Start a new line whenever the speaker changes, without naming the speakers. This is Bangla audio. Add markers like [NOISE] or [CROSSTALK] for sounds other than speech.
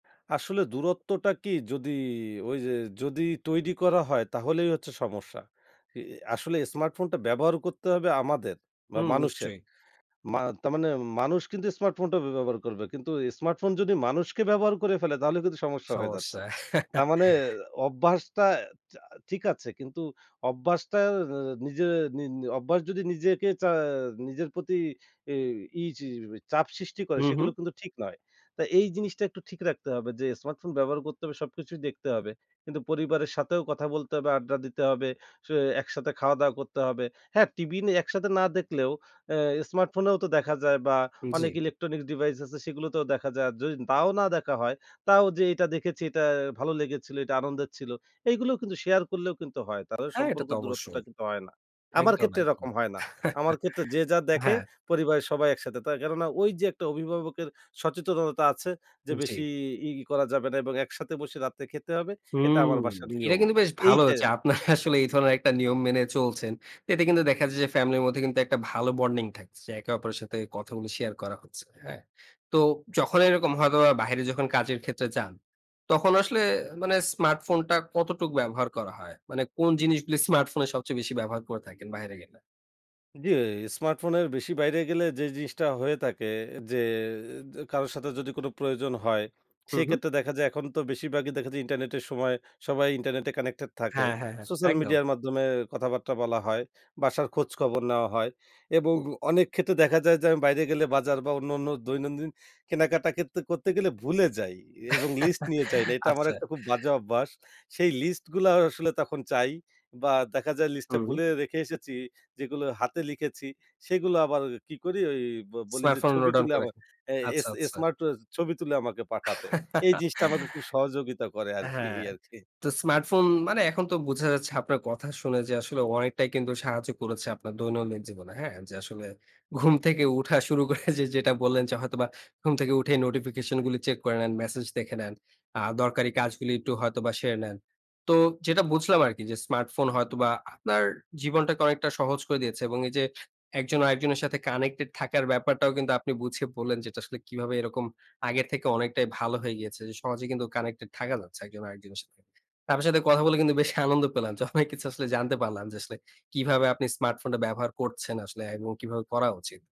আসলে দূরত্বটা কি যদি ঐ যে যদি তৈরি করা হয় তাহলেই হচ্ছে সমস্যা। ই আসলে স্মার্টফোনটা ব্যবহার করতে হবে আমাদের বা
হুম
মানুষের।
নিশ্চয়ই।
মা তারমানে মানুষ কিন্তু স্মার্টফোনটা ব্যবহার করবে। কিন্তু স্মার্টফোন যদি মানুষকে ব্যবহার করে ফেলে তাহলে কিন্তু সমস্যা হয়ে যাচ্ছে।
সমস্যা।
তার মানে
[CHUCKLES]
অভ্যাসটা, চা ঠিক আছে কিন্তু অভ্যাসটা নিজের নি অভ্যাস যদি নিজেকে চা নিজের প্রতি এই ইচি চাপ সৃষ্টি করে
হুম,
সেগুলো
হুম।
কিন্তু ঠিক নয়। তো এই জিনিসটা একটু ঠিক রাখতে হবে। যে স্মার্টফোন ব্যবহার করতে হবে সবকিছুই দেখতে হবে। কিন্তু পরিবারের সাথেও কথা বলতে হবে, আড্ডা দিতে হবে, স একসাথে খাওয়া-দাওয়া করতে হবে। হ্যাঁ, টিভি নিয়ে একসাথে না দেখলেও আ স্মার্টফোনেও তো দেখা যায় বা অনেক
জি।
ইলেকট্রনিক্স ডিভাইস আছে সেগুলোতেও দেখা যায়। যদি তাও না দেখা হয় তাও যে এটা দেখেছি এটা ভালো লেগেছিল, এটা আনন্দের ছিল। এগুলো কিন্তু শেয়ার করলেও কিন্তু হয়। তাদের
হ্যাঁ, এটা
সম্পর্ক
তো
দূরত্বটা
অবশ্যই।
কিন্তু হয় না। আমার
একদম,
ক্ষেত্রে
একদম।
এরকম হয় না। আমার ক্ষেত্রে যে
[CHUCKLES]
যা দেখে
হ্যাঁ।
পরিবারের সবাই একসাথে। তা কেননা ঐ যে একটা অভিভাবকের সচেতনতা আছে যে,
জি।
বেশি ই করা যাবে না এবং একসাথে বসে রাতে খেতে হবে। এটা
হুম
আমার বাসার
এটা
নিয়ম।
কিন্তু বেশ ভালো
এইটা।
হয়েছে। আপনারা আসলে এই ধরনের একটা নিয়ম মেনে চলছেন। এতে কিন্তু দেখা যায় যে ফ্যামিলির মধ্যে কিন্তু একটা ভালো বন্ডিং থাকছে। একে অপরের সাথে কথাগুলি শেয়ার করা হচ্ছে। হ্যাঁ। তো যখন এরকম হয়তো বাহিরে যখন কাজের ক্ষেত্রে যান, তখন আসলে মানে স্মার্টফোনটা কতটুকু ব্যবহার করা হয়? মানে কোন জিনিসগুলি স্মার্টফোনে সবচেয়ে বেশি ব্যবহার করে থাকেন বাইরে গেলে।
জি, স্মার্টফোনের বেশি বাইরে গেলে যে জিনিসটা হয়ে থাকে যে, যে কারো সাথে যদি কোনো প্রয়োজন হয়
হুম,
সেই
হুম।
ক্ষেত্রে দেখা যায় এখন তো বেশির ভাগই দেখা যায় ইন্টারনেটের সময় সবাই ইন্টারনেটে কানেক্টেড থাকে।
হ্যাঁ, হ্যাঁ, হ্যাঁ
সোশ্যাল
একদম।
মিডিয়ার মাধ্যমে কথাবার্তা বলা হয়. বাসার খোঁজখবর নেওয়া হয় এবং অনেক ক্ষেত্রে দেখা যায় যে আমি বাইরে গেলে বাজার বা অন্যান্য দৈনন্দিন কেনাকাটা কিন্তু করতে গেলে ভুলে যাই এবং লিস্ট নিয়ে যাই না।
[LAUGHS]
এটা আমার
আচ্ছা।
একটা খুব বাজে অভ্যাস। সেই লিস্ট গুলা আসলে তখন চাই বা দেখা যায় লিস্টটা
হুম।
ভুলে রেখে এসেছি যেগুলো হাতে লিখেছি সেগুলো আবার কি করি ঐ ব বলি যে
স্মার্টফোন নো
ছবি
ডাউন
তুলে
করে
আমার
রাখেন।
অ্যা এস
আচ্ছা,
এস
আচ্ছা।
স্মার্ট ও ছবি তুলে আমাকে পাঠাতে। এই
[LAUGHS]
জিনিসটা আমাকে খুব সহযোগিতা করে আরকি, এই
হ্যাঁ।
আরকি।
তো স্মার্টফোন মানে এখন তো বুঝা যাচ্ছে আপনার কথা শুনে যে আসলে অনেকটাই কিন্তু সাহায্য করেছে আপনার দৈনন্দিন জীবনে। হ্যাঁ, যে আসলে ঘুম থেকে উঠা শুরু করে যে যেটা বললেন, যে হয়তোবা ঘুম থেকে উঠেই নোটিফিকেশন গুলি চেক করে নেন, মেসেজ দেখে নেন। আ দরকারি কাজগুলি একটু হয়তোবা একটু সেরে নেন। তো যেটা বুঝলাম আরকি যে স্মার্টফোন হয়তোবা আপনার জীবনটাকে অনেকটা সহজ করে দিয়েছে। এবং এই যে একজন আরেকজনের সাথে কানেক্টেড থাকার ব্যাপারটাও কিন্তু আপনি বুঝিয়ে বললেন, যে এটা আসলে কিভাবে এরকম আগের থেকে অনেকটাই ভালো হয়ে গিয়েছে। সহজে কিন্তু কানেক্টেড থাকা যাচ্ছে একজন আরেকজনের সাথে। আপনার সাথে কথা বলে কিন্তু বেশি আনন্দ পেলাম। য অনেক কিছু আসলে জানতে পারলাম যে আসলে কিভাবে আপনি স্মার্টফোনটা ব্যবহার করছেন আসলে এবং কিভাবে করা উচিত।